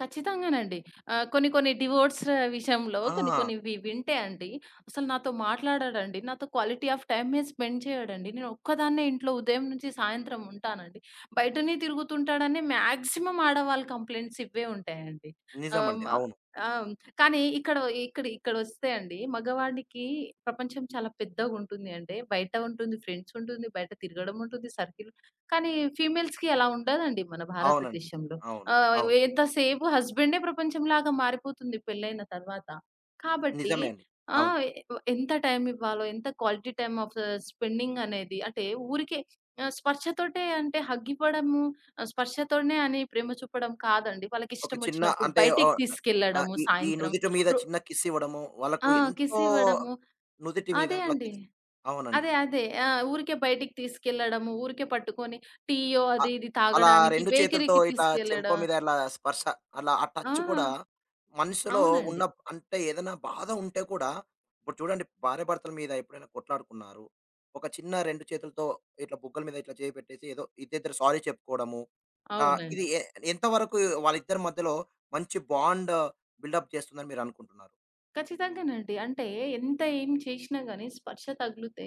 ఖచ్చితంగానండి. ఆహ్, కొన్ని కొన్ని డివోర్స్ విషయంలో కొన్ని ఆ! కొన్నివి వింటే అండి, అసలు నాతో మాట్లాడడండి. నాతో క్వాలిటీ ఆఫ్ టైమే స్పెండ్ చేయడండి. నేనొక్కదాన్నే ఇంట్లో ఉదయం నుంచి సాయంత్రం ఉంటానండి. బయటనే తిరుగుతుంటాడని మాక్సిమం ఆడవాళ్ళ కంప్లెయింట్స్ ఇవ్వే ఉంటాయండి. ఆహ్, నిజమండి. హ్మ్. అవును. ఆహ్, కానీ ఇక్కడ ఇక్కడ ఇక్కడొస్తే అండి, మగవాడికి ప్రపంచం చాలా పెద్దగుంటుంది అంటే బయట ఉంటుంది, ఫ్రెండ్స్ ఉంటుంది, బయట తిరగడం ఉంటుంది, సర్కిల్ కానీ, ఫీమేల్స్‌కి అలా ఉండదండి, మన అవునండి. భారతదేశంలో. అవును. ఆహ్, అవును. ఎంత సేపు హస్బెండే ప్రపంచం లాగా మారిపోతుంది పెళ్లయిన తరువాత. కాబట్టి నిజమే అండి. ఆ! అవును. ఎ ఎంత టైమ్ ఇవ్వాలో, ఎంత క్వాలిటీ టైమ్ ఆఫ్ స్పెండింగనేది అంటే ఊరికే స్పర్శతోటే అంటే హగ్ ఇవ్వడము, స్పర్శతోనే అని ప్రేమ చూపడం కాదండి. వాళ్ళకి ఒక చిన్న ఇష్టమచ్చినప్పుడు అంటే బయటికి ఓహ్, అ తీసుకెళ్ళడము ఈ ఈ సాయంత్రం. నుదిటి మీద రో చిన్న కిస్ ఇవ్వడము, వాళ్లకు ఆ! కిస్ ఎంతో ఇవ్వడము నుదిటి మీద అదే అట్లా అండి. కిస్ అవునండి. అదే, అదే. ఆ! ఊరికే బయటికి తీసుకెళ్లడము, ఊరికే పట్టుకొని టీయో ఆ! అది ఇది అలా తాగడానికి 2 చేతులతో బేకరీకి ఇట్లా చెంప తీసుకెళ్ళడం. మీద ఇలా స్పర్శ, అలా ఆ టచ్ ఆహా! గూడా, మనసులో ఉన్న అవునండి. అంటే ఏదైనా బాధ ఉంటే కూడా, ఇప్పుడు చూడండి భార్యాభర్తల మీద ఎప్పుడైనా కొట్లాడుకున్నారు. ఒక చిన్న 2 చేతులతో ఇట్లా బుగ్గల మీద ఇట్లా చెయ్యి పెట్టేసి ఏదో ఇద్దరిద్దరు సారీ చెప్పుకోవడము ఆ! ఇది అవునండి. ఎ ఎంతవరకు వాళ్ళిద్దరి మధ్యలో మంచి బాండ్ బిల్డ్‌అప్ చేస్తుందని మీరనుకుంటున్నారు? ఖచ్చితంగానండి. అంటే ఎంత ఏమి చేసినా గాని స్పర్శ తగిలితే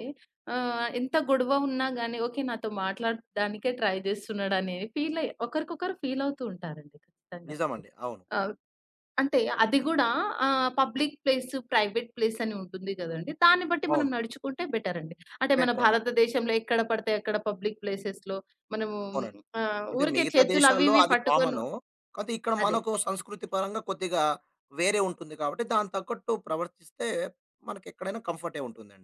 ఆహ్, ఎంత గొడవ ఉన్నా గాని ఓకే నాతో మాట్లాడడానికే ట్రై చేస్తున్నాడనేవి, ఫీలయి ఒకరికొకరు ఫీలవుతూ ఉంటారండి. ఖచ్చితంగా వాళ్ళు. నిజమండి. అవును. ఆహ్, అంటే అది గూడా ఆహ్, పబ్లిక్ ప్లేసు, ప్రైవేట్ ప్లేసు అని ఉంటుంది గదండీ! దాన్ని బట్టి మనం అవును. నడుచుకుంటే బెటరండి. అంటే మన బెటరవును. భారతదేశంలో ఎక్కడ పడితే అక్కడ పబ్లిక్ ప్లేసేస్‌లో మనము అవునండి. ఆహ్, అంటే ఊరికే మిగతా చేతులు అవి దేశాల్లో ఇవి అది పట్టుకొను కామను. కాపోతే ఇక్కడ అదే. మనకు సంస్కృతి పరంగా కొద్దిగా వేరే ఉంటుంది కాబట్టి, దానికి తగ్గట్టు ప్రవర్తిస్తే మనకెక్కడైనా కంఫర్టే ఉంటుందండి.